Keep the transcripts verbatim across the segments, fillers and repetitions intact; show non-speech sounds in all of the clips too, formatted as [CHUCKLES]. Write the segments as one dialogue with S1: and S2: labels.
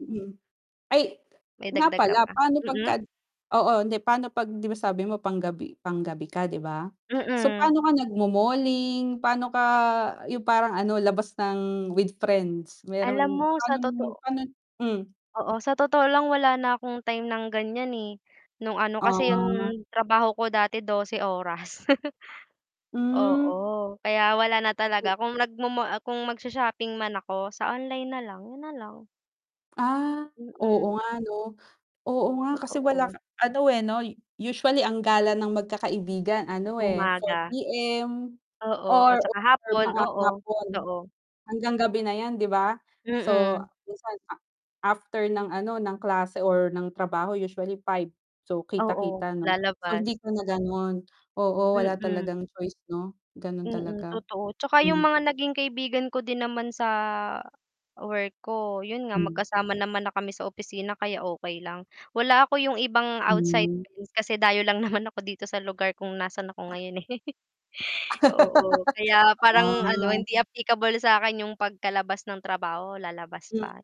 S1: Mm, ay
S2: May
S1: nga
S2: dagdag ka
S1: pala
S2: pa,
S1: paano 'pagka
S2: mm?
S1: oo hindi pa'no 'pag 'di ba sabi mo panggabi panggabi ka 'di ba? So
S2: Mm.
S1: pa'no ka nagmo-malling, pa'no ka yung parang ano labas ng with friends,
S2: Alam
S1: meron
S2: mo sa
S1: panong
S2: totoo
S1: pa'no t hmm.
S2: oo, sa totoo lang wala na akong time ng ganiyan, eh. Nung ano kasi 'yong
S1: Ah.
S2: trabaho ko dati dose oras. [CHUCKLES]
S1: Hmm.
S2: Oo. Kaya wala na
S1: O
S2: talaga, kung nagmo-mall kung magsho-shopping man ako sa online nalang, yun nalang.
S1: Ah, oo
S2: Mm.
S1: nga 'no, oo nga kasi wala k
S2: Totoo.
S1: ano, eh, 'no, usually ang gala ng magkakaibigan ano, eh, four
S2: Umaga.
S1: P-M,
S2: Oo, at
S1: or
S2: tsaka hapon,
S1: mga
S2: oo
S1: hapon
S2: totoo.
S1: hanggang gabi na yan 'di ba? So
S2: Mm.
S1: this one ma after ng ano ng klase or ng trabaho usually five, so
S2: Oo,
S1: kita-kita no, so
S2: lalabas.
S1: hindi ka na ganon, oo, wala
S2: Mm.
S1: talagang choice 'no, ganon
S2: Mm,
S1: talaga.
S2: totoo tsaka yung
S1: Hmm.
S2: mga naging kaibigan ko din naman sa work ko, yun nga
S1: Hmm.
S2: magkasama naman na kami sa opisina kaya okey lang. Wala ako yung ibang outsider
S1: Hmm.
S2: kasi dayo lang naman ako dito sa lugar kung nasaan ako ngayon, eh. [CHUCKLES] Oo, kaya
S1: [LAUGHS]
S2: parang ano
S1: Ah.
S2: hindi applicable sakin yung pagkalabas ng trabaho, lalabas
S1: M
S2: pa,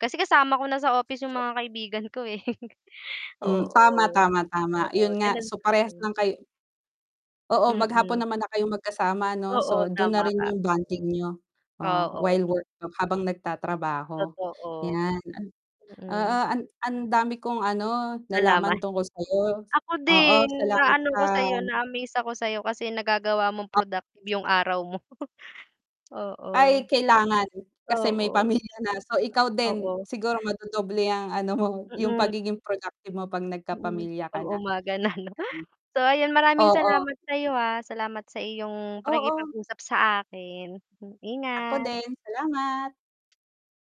S2: kasi kasama ko na sa office yung mga kaibigan ko, eh. [CHUCKLES]
S1: Hmm, tama,
S2: Oo,
S1: tama, tama,
S2: oo,
S1: yun nga
S2: ganun
S1: so parehas
S2: sa'kin.
S1: lang kayo. Oo, maghapon
S2: Mm.
S1: naman na kayong magkasama ano, so
S2: Oo,
S1: dun na
S2: tama
S1: rin
S2: ka.
S1: yung bonding niyo. Oh,
S2: Oo.
S1: while work habang nagtatrabaho,
S2: Totoo.
S1: yan, oo
S2: Mm.
S1: ang dami kong ano
S2: Nalaman.
S1: nalaman tungkol sayo.
S2: Ako
S1: Oo
S2: din
S1: salamat
S2: naano
S1: sa
S2: ko sayo, na-amaze ako sayo kasi nagagawa mong
S1: O
S2: productive yung araw mo. [CHUCKLES] Oo.
S1: Ay kailangan, kasi may
S2: Oo.
S1: pamilya na. So ikaw din
S2: Oo.
S1: siguro madodoble ang ano mo, yung
S2: Mm.
S1: pagiging productive mo 'pag
S2: Mm,
S1: nagkapamilya ka
S2: 'pag
S1: na. [UNINTELLIGIBLE]
S2: umaga na 'no. [CHUCKLES] So ayan maraming
S1: Oo.
S2: salamat sa'yo, ah, salamat sa iyong
S1: Oo.
S2: pakikipag-usap sa akin, hmm,
S1: Ako
S2: ingat.
S1: din, salamat.